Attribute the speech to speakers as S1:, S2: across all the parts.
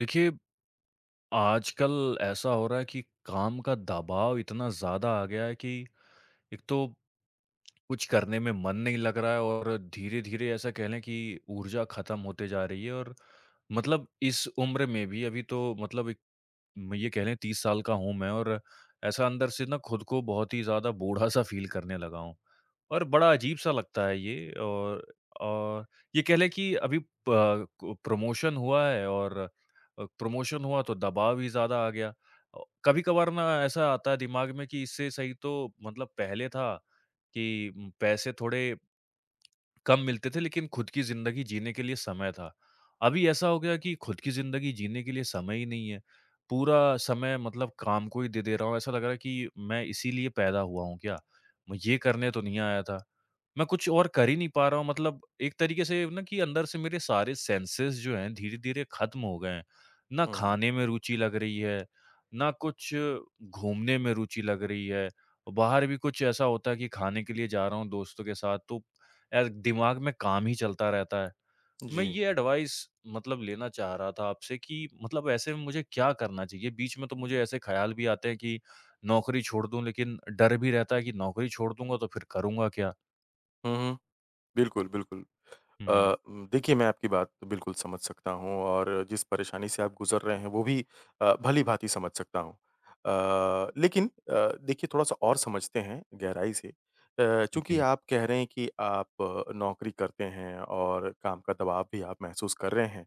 S1: देखिए, आजकल ऐसा हो रहा है कि काम का दबाव इतना ज़्यादा आ गया है कि एक तो कुछ करने में मन नहीं लग रहा है और धीरे-धीरे ऐसा कहलें कि ऊर्जा ख़त्म होती जा रही है और मतलब इस उम्र में भी, अभी तो मतलब एक, म ये कहलें, 30 साल का हूँ मैं और ऐसा अंदर से ना, खुद को बहुत ही ज़्यादा बूढ़ा-सा फ़ील करने लगा हूँ। और बड़ा अजीब-सा लगता है ये और औ ये कहलें कि अभी प कु प्रमोशन हुआ है और अ, प्रमोशन हुआ, तो दबाव ही ज़्यादा आ गया। अ, कभी-कभार ना, ऐसा आता है दिमाग में कि इससे सही तो मतलब पहले था कि उम, पैसे थोड़े कम मिलते थे, लेकिन खुद की ज़िंदगी जीने के लिए समय था। अभी ऐसा हो गया कि खुद की ज़िंदगी जीने के लिए समय ही नहीं है। पूरा समय मतलब काम को ही दे दे रहा हूँ। ऐसा लग रहा है कि मैं इसीलिए पैदा हुआ हूँ क्या? मैं ये करने तो नहीं आया था। मैं कुछ और कर ही नहीं पा रहा हूँ, मतलब एक तरीके से ये हूँ ना कि अंदर से मेरे सारे सेंसेस जो हैं, धीरे-धीरे खत्म हो गए हैं। ना
S2: हुँ, हुँ।
S1: खाने में रूचि लग रही है, ना कुछ घूमने में रूचि लग रही है। बाहर भी कुछ ऐसा होता है कि खाने के लिए जा रहा हूँ दोस्तों के साथ, तो ए दिमाग में काम ही चलता रहता है। मैं
S2: जी।
S1: ये एडवाइस मतलब लेना चाह रहा था आपसे कि मतलब ऐसे में मुझे क्या करना चाहिए? बीच में तो मुझे ऐसे ख़्याल भी आते हैं कि नौकरी छोड़ दूँ, लेकिन डर भी रहता है कि नौकरी छोड़ दूँगा, तो फिर करूँगा क्या?
S2: हुँ, हुँ। बिल्कुल, बिल्कुल। अ,
S1: हुँ।
S2: उम, देखिए मैं आपकी बात बिल्कुल समझ सकता हूँ और जिस परेशानी से आप गुज़र रहे हैं, वो भी अ, भली-भाँति समझ सकता हूँ। अ, लेकिन अ, देखिए थोड़ा-सा और समझते हैं गहराई से। अ, चूँकि
S1: जी।
S2: आप कह रहे हैं कि आप नौकरी करते हैं और काम का दबाव भी आप महसूस कर रहे हैं,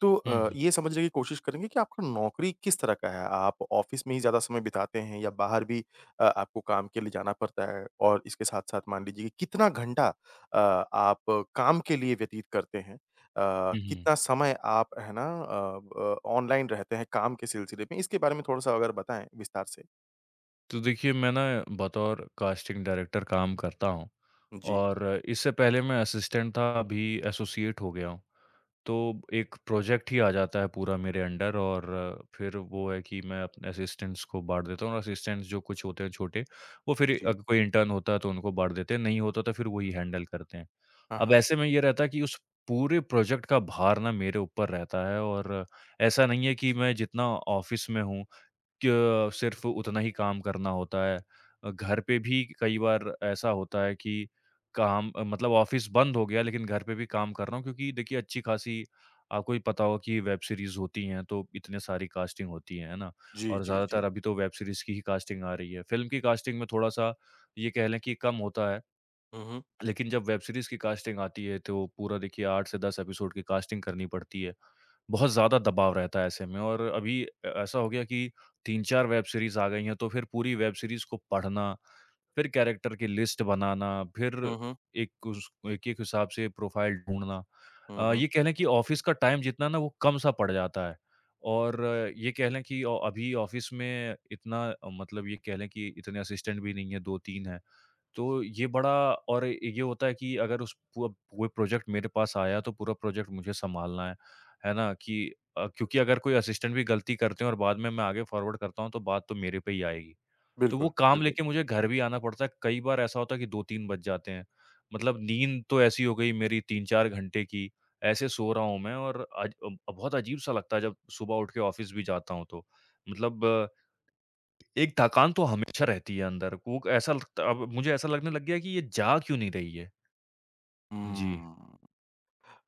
S2: तो
S1: हुँ,
S2: अ,
S1: हुँ।
S2: ये समझने की कोशिश करेंगे कि आपको नौकरी किस तरह का है? आप ऑफ़िस में ही ज़्यादा समय बिताते हैं या बाहर भी अ, आपको काम के लिए जाना पड़ता है? और इसके साथ-साथ मान लीजिए कितना घंटा अ, आप काम के लिए व्यतीत करते हैं? अ,
S1: हुँ, हुँ।
S2: कितना समय आप है ना अ, ब ऑनलाइन रहते हैं काम के सिलसिले में? इसके बारे में थोड़ा-सा अगर बताएँ विस्तार से।
S1: तो देखिए मैं ना बतौर कास्टिंग डायरेक्टर काम करता हूँ।
S2: जी।
S1: और इससे पहले मैं असिस्टेंट था, अभी एसोसिएट हो गया हूँ। तो एक प्रोजेक्ट ही आ जाता है पूरा मेरे अंडर। और फिर वो है कि मैं अपने असिस्टेंट्स को बाँट देता हूँ और असिस्टेंट्स जो कुछ होते हैं छोटे वो फिर
S2: जी।
S1: अग कोई इंटर्न होता है तो उनको बाँट देते हैं, नहीं होता तो फिर वो ही हैंडल करते हैं।
S2: हाँ,
S1: अब
S2: हाँ।
S1: ऐसे में ये रहता है कि उस पूरे प्रोजेक्ट का भार ना मेरे ऊपर रहता है। और ऐसा नहीं है कि मैं जितना ऑफ़िस में हूँ कि अ, सिर्फ़ उतना ही काम करना होता है। घर पे भी कई बार ऐसा होता है कि काम मतलब ऑफ़िस बंद हो गया लेकिन घर पे भी काम कर रहा हूँ क्योंकि देखिए अच्छी खासी आपको भी पता होगा कि वेब सीरीज़ होती है तो इतनी सारी कास्टिंग होती है, है ना?
S2: जी,
S1: और
S2: जी, जी।
S1: ज़्यादातर अभी तो वेब सीरीज़ की ही कास्टिंग आ रही है। फ़िल्म की कास्टिंग में थोड़ा-सा ये कह लें कि कम होता है।
S2: हुँ, हुँ।
S1: लेकिन जब वेब सीरीज़ की कास्टिंग आती है तो पूरा देखिए 8 से 10 एपिसोड की कास्टिंग करनी पड़ती है। बहुत ज़्यादा दबाव रहता है ऐसे में। और अभी अ, ऐसा हो गया कि 3-4 वेब सीरीज़ आ गई हैं, तो फिर पूरी वेब सीरीज़ को पढ़ना, फिर कैरेक्टर की लिस्ट बनाना, फिर
S2: हुँ, हुँ।
S1: एक उस एक-एक हिसाब से प्रोफाइल ढूँढ़ना।
S2: हुँ,
S1: अ,
S2: हुँ।
S1: ये कह लें कि ऑफ़िस का टाइम जितना ना वो कम सा पड़ जाता है। और ये कह लें कि ऑ अभी ऑफ़िस में इतना मतलब ये कह लें कि इतने असिस्टेंट भी नहीं है, 2-3 हैं। तो ये बड़ा और ये होता है कि अगर उस वो वो प्रोजेक्ट मेरे पास आया तो पूरा प्रोजेक्ट मुझे सँभालना है। है ना। कि अ, क्योंकि अगर कोई असिस्टेंट भी गलती करते हैं और बाद में मैं आगे फ़ॉरवर्ड करता हूँ तो बात तो मेरे पे ही आएगी। तो वो
S2: बिल्कुल,
S1: काम
S2: बिल्कुल।
S1: लेके मुझे घर भी आना पड़ता है। कई बार ऐसा होता है कि 2-3 बज जाते हैं। मतलब नींद तो ऐसी हो गई मेरी 3-4 घंटे की। ऐसे सो रहा हूँ मैं और अज अ, बहुत अजीब-सा लगता है जब सुबह उठ के ऑफ़िस भी जाता हूँ तो। मतलब एक थकान तो हमेशा रहती है अंदर। कूक ऐसा लगता अब मुझे ऐसा लगने लग गया कि ये जा क्यों नहीं रही है। जी।
S2: हुँ।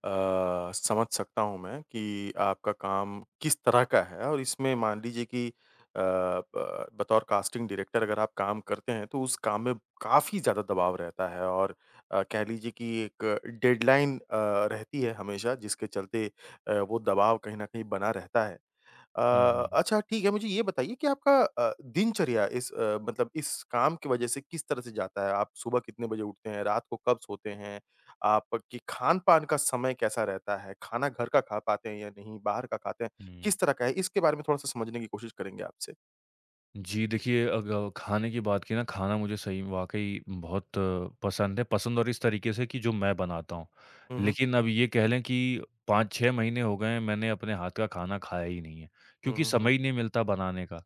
S2: अ, समझ सकता हूँ मैं कि आपका काम किस तरह का है। और इसमें मान लीजिए कि अ, ब बतौर कास्टिंग डायरेक्टर अगर आप काम करते हैं तो उस काम में काफ़ी ज़्यादा दबाव रहता है। और अ, कह लीजिए कि एक डेडलाइन अ, रहती है हमेशा जिसके चलते अ, वो दबाव कहीं न कहीं बना रहता है। अ,
S1: हुँ, हुँ।
S2: अच्छा ठीक है, मुझे ये बताइए कि आपका अ, दिनचर्या इस मतलब इस काम की वज़ह से किस तरह से जाता है? आप सुबह कितने बजे उठते हैं, रात को कब सोते हैं? आपकी खान-पान का समय कैसा रहता है? खाना घर का खा पाते हैं या नहीं, बाहर का खाते हैं,
S1: हुँ।
S2: किस तरह का है? इसके बारे में थोड़ा-सा समझने की कोशिश करेंगे आपसे।
S1: जी, देखिए अग अ, खाने की बात की ना खाना मुझे सही म वाक़ई बहुत पसंद है, पसंद और इस तरीके से कि जो मैं बनाता हूँ।
S2: हुँ, हुँ।
S1: लेकिन अब ये कह लें कि 5-6 महीने हो गए हैं, मैंने अपने हाथ का खाना खाया ही नहीं है,
S2: हुँ,
S1: क्योंकि
S2: हुँ, हुँ।
S1: समय ही नहीं मिलता बनाने का।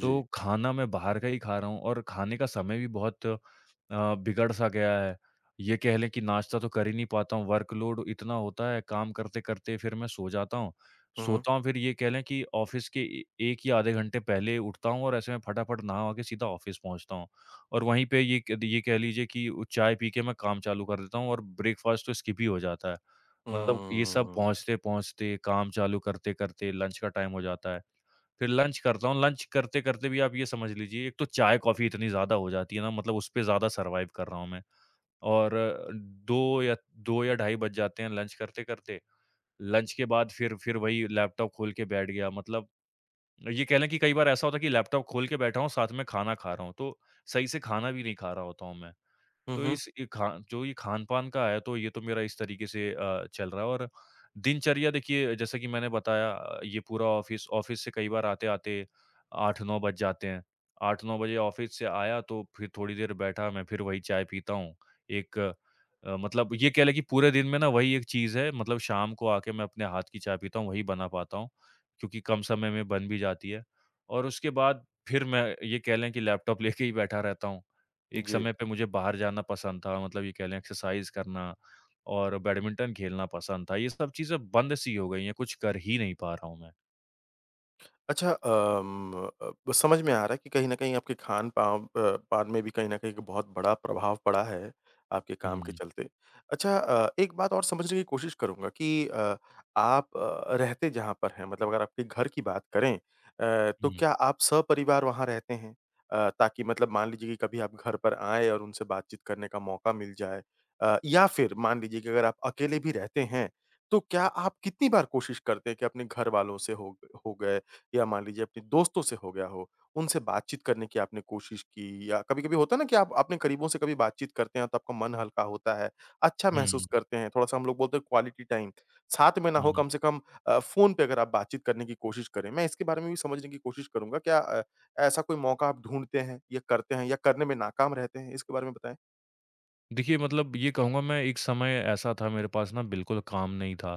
S1: तो खाना मैं बाहर का ही खा रहा हूँ और खाने का समय भी बहुत अ, बिगड़ सा गया है, ये कह लें कि नाश्ता तो कर ही नहीं पाता हूँ, वर्क़ लोड इतना होता है, काम करते-करते फिर मैं सो जाता हूँ।
S2: हुँ, हुँ।
S1: सोता हूँ फिर ये कह लें कि ऑफ़िस के ए 1 या आधे घंटे पहले उठता हूँ और ऐसे मैं फटाफट नहा-वहा के सीधा ऑफ़िस पहुँचता हूँ। और वहीं पे ये क ये कह लीजिए कि उ चाय पी के मैं काम चालू कर देता हूँ और ब्रेकफास्ट तो स्किप हो जाता है। मतलब ये सब
S2: हम्म।
S1: पहुँचते-पहुँचते, काम चालू करते-करते लंच का टाइम हो जाता है। फिर लंच करता हूँ, लंच करते-करते भी आप ये समझ लीजिए एक तो चाय-कॉफ़ी इतनी ज़्यादा हो जाती है ना मतलब उसपे ज़्यादा सर्वाइव कर रहा हूँ मैं। और 2 या 2 या ढाई बज जाते हैं लंच करते-करते, लंच के बाद फिर फिर वही लैपटॉप खोल के बैठ गया मतलब ये कह लें कि कई बार ऐसा होता है कि लैपटॉप खोल के बैठा हूँ, साथ में खाना खा रहा हूँ, तो सही से खाना भी नहीं खा रहा होता हूँ मैं।
S2: हुँ,
S1: तो
S2: हुँ।
S1: इस ये खा जो ये खान-पान का आया तो ये तो मेरा इस तरीके से अ, चल रहा है और दिनचर्या देखिए, जैसा कि मैंने बताया अ, ये पूरा ऑफ़िस ऑफ़िस से कई बार आते-आते 8-9 बज जाते हैं। 8-9 बजे ऑफ़िस से आया तो फिर थोड़ी देर बैठा मैं फिर वही चाय पीता हूँ। एक अ, मतलब ये कह लें कि पूरे दिन में ना वही एक चीज़ है मतलब शाम को आके मैं अपने हाथ की चाय पीता हूँ, वही बना पाता हूँ, क्योंकि कम समय में बन भी जाती है। और उसके बाद फिर मैं ये कह लें कि लैपटॉप लेके ही बैठा रहता हूँ। एक
S2: जी।
S1: समय पे मुझे बाहर जाना पसंद था, मतलब ये कह लें एक्सरसाइज़ करना और बैडमिंटन खेलना पसंद था, ये सब चीज़ें बंद सी हो गई है, कुछ कर ही नहीं पा रहा हूँ मैं।
S2: अच्छा अम, अ अ, ब समझ में आ रहा है कि कहीं न कहीं आपके खान-पाव अ, पान में भी कहीं न कहीं एक बहुत बड़ा प्रभाव पड़ा है आपके काम के
S1: हुँ।
S2: चलते। अच्छा अ, एक बात और समझने की कोशिश करूँगा कि अ, आप अ, रहते जहाँ पर हैं, मतलब अगर आपके घर की बात करें अ, तो
S1: हुँ।
S2: क्या आप सहपरिवार वहाँ रहते हैं अ, ताकि मतलब मान लीजिए कि कभी आप घर पर आएँ और उनसे बातचीत करने का मौका मिल जाए? अ, या फिर मान लीजिए कि अगर आप अकेले भी रहते हैं, तो क्या आप कितनी बार कोशिश करते हैं कि अपने घर वालों से हो ग हो गए या मान लीजिए अपने दोस्तों से हो गया हो, उनसे बातचीत करने की आपने कोशिश की? या कभी-कभी होता है ना कि आप अपने करीबों से कभी बातचीत करते हैं, तो आपका मन हल्का होता है, अच्छा महसूस
S1: हुँ।
S2: करते हैं, थोड़ा-सा हम लोग बोलते हैं क्वालिटी टाइम, साथ में ना हो
S1: हुँ।
S2: कम से कम अ, फ़ोन पे अगर आप बातचीत करने की कोशिश करें। मैं इसके बारे में भी समझने की कोशिश करूँगा, क्या अ, ऐसा कोई मौका आप ढूँढ़ते हैं या करते हैं या करने में नाकाम रहते हैं? इसके बारे में बताएँ।
S1: देखिए, मतलब ये कहूँगा मैं, एक समय ऐसा था, मेरे पास ना बिल्कुल काम नहीं था।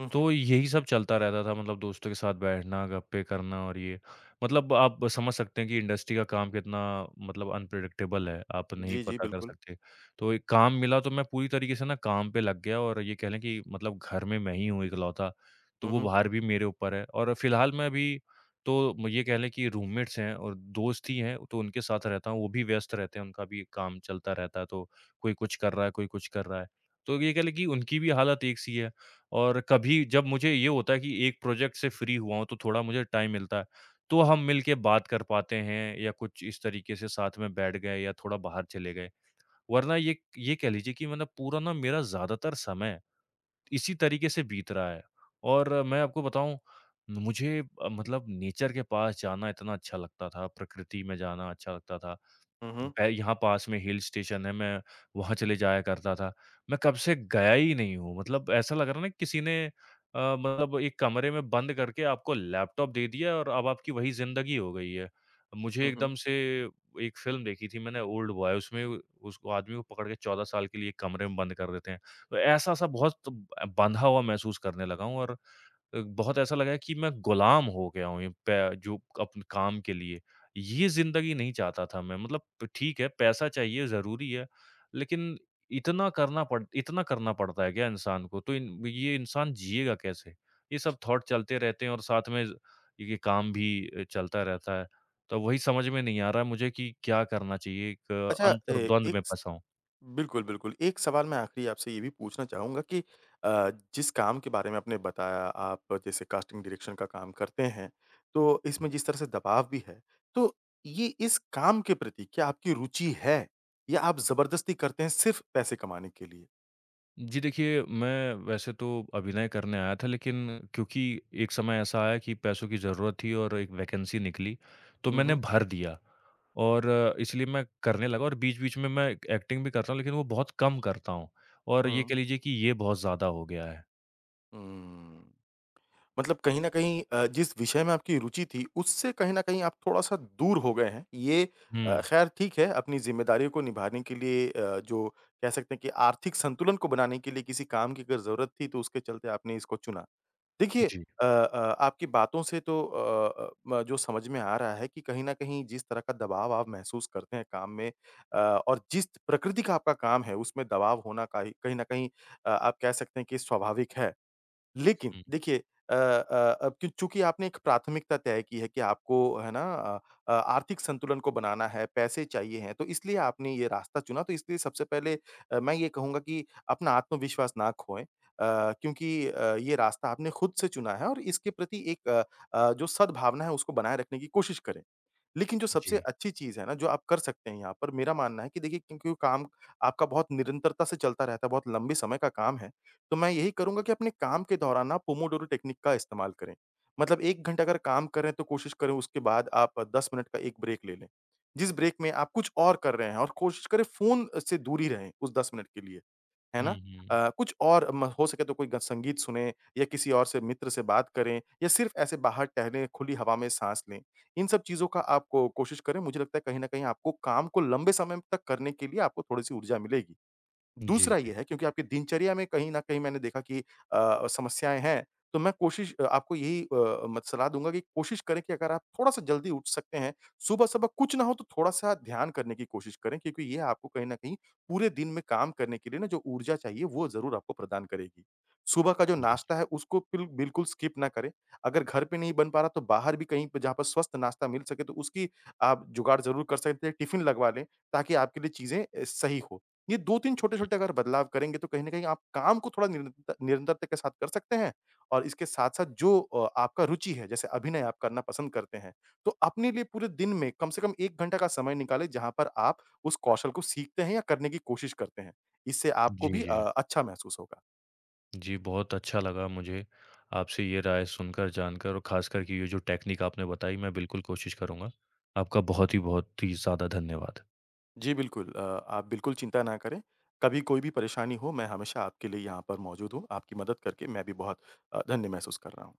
S2: हुँ, हुँ।
S1: तो यही सब चलता रहता था, मतलब दोस्तों के साथ बैठना, गप्पें करना और ये। मतलब आप समझ सकते हैं कि इंडस्ट्री का काम कितना मतलब अनप्रेडिक्टेबल है, आप नहीं
S2: जी, जी।
S1: पता कर
S2: बिल्कुल।
S1: सकते। तो एक काम मिला, तो मैं पूरी तरीके से ना काम पे लग गया, और ये कह लें कि मतलब घर में मैं ही हूँ इकलौता, तो
S2: हुँ,
S1: वो
S2: हुँ।
S1: भार भी मेरे ऊपर है। और फिलहाल मैं अभी तो म ये कह लें कि रूममेट्स हैं और दोस्त ही हैं, तो उनके साथ रहता हूँ, वो भी व्यस्त रहते हैं। उनका भी काम चलता रहता है, तो कोई कुछ कर रहा है, कोई कुछ कर रहा है, तो ये कह लें कि उनकी भी हालत एक सी है। और कभी जब मुझे ये होता है कि एक प्रोजेक्ट से फ्री हुआ हूँ, तो थोड़ा मुझे टाइम मिलता है। तो हम मिलके बात कर पाते हैं, या कुछ इस तरीके से साथ में बैठ गए, या थोड़ा बाहर चले गए। वरना ये क ये कह लीजिए कि मतलब पूरा ना मेरा ज़्यादातर समय इसी तरीके से बीत रहा है। और मैं आपको बताऊँ, म मुझे अ, मतलब नेचर के पास जाना इतना अच्छा लगता था, प्रकृति में जाना अच्छा लगता था।
S2: हुँ, हुँ।
S1: मैं यहाँ पास में हिल स्टेशन है, मैं वहाँ चले जाया करता था। मैं कब से गया ही नहीं हूँ, मतलब ऐसा लग रहा है ना किसी ने अ, मतलब एक कमरे में बंद करके आपको लैपटॉप दे दिया और अब आपकी वही ज़िंदगी हो गई है। मुझे
S2: हुँ, हुँ।
S1: एकदम से एक फ़िल्म देखी थी मैंने, ओल्ड बॉय, उसमें व उसको आदमी को पकड़ के 14 साल के लिए 1 कमरे में बंद कर देते हैं। तो ऐसा-सा बहुत सब अ, बँधा हुआ महसूस करने लगा हूँ और अ, बहुत ऐसा लगा है कि मैं गुलाम हो गया हूँ इ पै जो कप काम के लिए। ये ज़िंदगी नहीं चाहता था मैं, मतलब ठीक है, पैसा चाहिए, ज़रूरी है, लेकिन इतना करना पड़ इतना करना पड़ता है क्या इंसान को, तो इन ये इंसान जिएगा कैसे? ये सब थॉट चलते रहते हैं, और साथ में ज़ ये काम भी अ, चलता रहता है। तो वही समझ में नहीं आ रहा है मुझे कि क्या करना चाहिए, एक
S2: अच्छा, ए
S1: अंतरद्वंद
S2: एक
S1: में
S2: स
S1: फँसा हूँ।
S2: बिल्कुल, बिल्कुल। एक सवाल मैं आख़िरी आपसे ये भी पूछना चाहूँगा कि अ, जिस काम के बारे में आपने बताया, आप जैसे कास्टिंग डायरेक्शन का काम करते हैं, तो
S1: हुँ।
S2: इसमें जिस तरह से दबाव भी है। तो ये इस काम के प्रति क्या आपकी रुचि है, या आप ज़बरदस्ती करते हैं सिर्फ़ पैसे कमाने के लिए?
S1: जी, देखिए मैं वैसे तो अभिनय करने आया था लेकिन क्योंकि एक समय ऐसा आया कि पैसों की जरूरत थी और एक वैकेंसी निकली तो
S2: हुँ,
S1: मैंने
S2: हुँ।
S1: भर दिया। और इसलिए मैं करने लगा और बीच-बीच में मैं एक् एक्टिंग भी करता हूँ लेकिन वो बहुत कम करता हूँ और ये
S2: हुँ।
S1: कह लीजिए कि ये बहुत ज़्यादा हो गया है।
S2: हुँ, मतलब कहीं न कहीं अ, जिस विषय में आपकी रुचि थी उससे कहीं न कहीं आप थोड़ा-सा दूर हो गए हैं। ये अ,
S1: हुँ।
S2: खैर ठीक है अपनी जिम्मेदारियों को निभाने के लिए अ, जो कह सकते हैं कि आर्थिक संतुलन को बनाने के लिए किसी काम की अगर जरूरत थी, तो उसके चलते आपने इसको चुना। देखिए
S1: जी।
S2: अ अ, आपकी बातों से तो अ अ, म जो समझ में आ रहा है कि कहीं न कहीं जिस तरह का दबाव आप महसूस करते हैं काम में अ, और जिस प्रकृति का आपका काम है उसमें दबाव होना का ही कहीं न कहीं अ, आप कह सकते हैं कि स्वाभाविक है। लेकिन
S1: हुँ।
S2: देखिए अ अ, अब कि चूँकि आपने एक प्राथमिकता तय की है कि आपको है ना अ, अ आर्थिक संतुलन को बनाना है, पैसे चाहिए हैं, तो इसलिए आपने ये रास्ता चुना, तो इसलिए सबसे पहले अ, मैं ये कहूँगा कि अपना आत्मविश्वास ना खोएँ। अ, क्योंकि अ, ये रास्ता आपने खुद से चुना है और इसके प्रति एक अ अ, जो सद्भावना है उसको बनाए रखने की कोशिश करें। लेकिन जो सबसे
S1: जी।
S2: अच्छी चीज़ है ना, जो आप कर सकते हैं यहाँ पर मेरा मानना है कि देखिए क्योंकि काम आपका बहुत निरंतरता से चलता रहता है, बहुत लंबे समय का काम है, तो मैं यही करूँगा कि अपने काम के दौरान ना पोमोडोरो टेक्निक का इस्तेमाल करें। मतलब 1 घंटा अगर काम करें तो कोशिश करें उसके बाद आप 10 मिनट का एक ब्रेक ले लें। जिस ब्रेक में आप कुछ और कर रहे हैं और कोशिश करें फ़ोन से दूर ही रहें उस 10 मिनट के लिए। है
S1: हुँ,
S2: ना?
S1: हुँ।
S2: अ, कुछ और म हो सके तो कोई ग संगीत सुनें या किसी और से मित्र से बात करें या सिर्फ़ ऐसे बाहर टहले खुली हवा में साँस लें, इन सब चीज़ों का आप को कोशिश करें, मुझे लगता है कहीं न कहीं आपको काम को लंबे समय तक करने के लिए आपको थोड़ी-सी ऊर्जा मिलेगी।
S1: जी,
S2: दूसरा
S1: जी।
S2: ये है क्योंकि आपकी दिनचर्या में कहीं न कहीं मैंने देखा कि अ अ, समस्याएँ हैं, तो मैं कोशिश अ, आपको यही अ, मत सलाह दूँगा कि कोशिश करें कि अगर आप थोड़ा-सा जल्दी उठ सकते हैं, सुबह सुबह कुछ ना हो तो थोड़ा-सा ध्यान करने की कोशिश करें, क्योंकि यह आपको कहीं न कहीं पूरे दिन में काम करने के लिए ना जो ऊर्जा चाहिए वो ज़रूर आपको प्रदान करेगी। सुबह का जो
S1: जी, जी।
S2: नाश्ता है उसको पिल बिल्कुल स्किप ना करें। अगर घर पे नहीं बन पा रहा तो बाहर भी कहीं पे जहाँ पर स्वस्थ नाश्ता मिल सके तो उसकी आप जुगाड़ ज़रूर कर सकते हैं, टिफिन लगवा लें ताकि आपके लिए चीजें अ, सही हो। ये 2-3
S1: हुँ।
S2: छोटे-छोटे अगर बदलाव करेंगे तो कहीं न कहीं आप काम को थोड़ा निरंत निरंतरता के साथ कर सकते हैं। और इसके साथ-साथ जो अ, आपका रुचि है जैसे अभिनय आप करना पसंद करते हैं। तो अपने लिए पूरे दिन में कम से कम 1 घंटा का समय निकालें जहाँ पर आप उस कौशल को सीखते हैं या करने की कोशिश करते हैं। इससे आपको
S1: जी,
S2: भी अ,
S1: जी।
S2: अच्छा महसूस होगा।
S1: जी, बहुत अच्छा लगा मुझे आपसे ये राय सुनकर जानकर और खासकर कि ये जो टेक्निक आपने बताई मैं बिल्कुल कोशिश करूँगा, आपका बहुत ही बहुत ही ज़्यादा धन्यवाद।
S2: जी, बिल्कुल अ, आप बिल्कुल चिंता ना करें, कभी कोई भी परेशानी हो मैं हमेशा आपके लिए यहाँ पर मौजूद हूँ। आपकी मदद करके मैं भी बहुत अ, धन्य महसूस कर रहा हूँ।